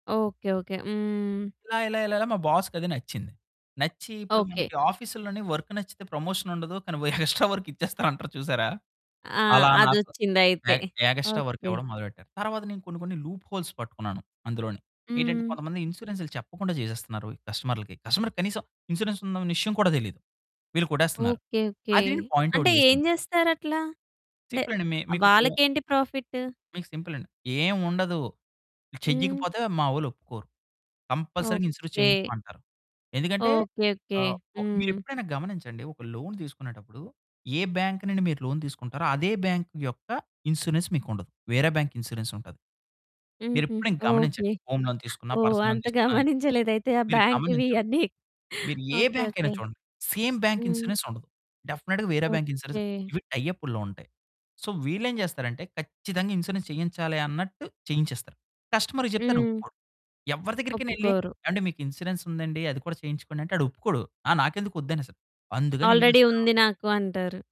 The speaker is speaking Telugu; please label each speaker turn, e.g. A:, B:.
A: ఓకే. ఓకే. హ్మ్.
B: ఇలా, ఇలా, ఇలాలా మా బాస్‌కది నచ్చింది. నచ్చి, ఇప్పుడు
A: ఓకే.
B: మనకి ఆఫీస్‌లోని వర్క్ నచ్చితే ప్రమోషనుండదు. కానీ, వ ఎక్స్ట్రా వర్క్ ఇచ్చేస్తారంటారు చూసారా?
A: ఆ!
B: అలా నాకు,
A: అదొచ్చిందయితే.
B: ఎగ్ ఎగస్ట్రా వర్క్
A: ఓకే.
B: ఇవ్వడం మొదలుపెట్టారు. తర్వాత నేను కొన్ని, కొన్ని లూప్ హోల్స్ పట్టుకున్నాను అందులోనే. ఏంటంటే,
A: హ్మ్.
B: కొంతమంది ఇన్సూరెన్స్‌లు చెప్పకుండా చేసేస్తున్నారు కస్టమర్లకి. కస్టమర్‌కి కనీసం ఇన్సూరెన్స్ ఉందన విషయం కూడా తెలీదు. వీళ్ళు కొట్టేస్తున్నారు.
A: ఓకే. ఓకే.
B: అది నేను పాయింట్ అవుట్
A: అంటే ఏం
B: చేశాను.
A: చేస్తారట్లా అంటే
B: సింపులండి మీ మికిప్పుడు
A: వాళ్ళకేంటి ప్రాఫిట్టు?
B: మీకు సింపులండి. ఏం ఉండదు.
A: హ్మ్.
B: చెయ్యకపోతే మా వళ్లొప్పుకోరు. కంపల్సరీగా ఇన్సూరెన్స్
A: ఓకే.
B: చేయించమంటారు. ఎందుకంటే,
A: ఓకే. ఓకే.
B: ఆహ్, ఒ
A: హ్మ్.
B: మీరెప్పుడైనా గమనించండి, ఒక లోన్ తీసుకునేటప్పుడు, ఏ బ్యాంకు నుండి మీరు లోన్ తీసుకుంటారో, అదే బ్యాంకు యొక్క ఇన్సూరెన్స్ మీకు ఉండదు. వేరే బ్యాంక్ ఇన్సూరెన్స్ ఉంటది.
A: హుహు.
B: మీరెప్పుడైన గమనించండి.
A: ఓకే.
B: హోమ్ లోన్ తీసుకున్న,
A: ఓహ్!
B: పర్సన్‌లో
A: అంత
B: తీసుకున్న,
A: గమనించలేదైతే ఆ
B: మీరు
A: బ్యాంకివి
B: గమనించరు.
A: ఇయన్నీ.
B: మీరు ఏ
A: ఓకే.
B: బ్యాంక్ అయినా
A: ఓకే.
B: చూడండి. సేమ్ బ్యాంక్
A: హ్మ్.
B: ఇన్సూరెన్స్ ఉండదు. డెఫినెట్‌గా వేరే బ్యాంక్ ఇన్సూరెన్స్
A: ఓకే.
B: ఇవి టై అప్పుల్లో ఉంటాయి. సో, వీళ్ళేం చేస్తారంటే, ఖచ్చితంగా ఇన్సూరెన్స్ చేయించాలి అన్నట్టు, చేయించేస్తారు. కస్టమర్ చెప్తే
A: హ్మ్.
B: ఆయనొప్పుకోరు. ఎవ్వరి దగ్గరికనెళ్ళి
A: ఒప్పుకోరు.
B: ఏవండీ మీకు ఇన్సూరెన్స్ ఉందండి, అది కూడా చేయించుకోండంటే ఆడొప్పుకోడు. ఆ నాకెందుకు వద్దనేస్తాడు. అందుకనినేం
A: ఆల్రెడీ
B: చేస్తారు
A: ఉంది నాకు అంటారు.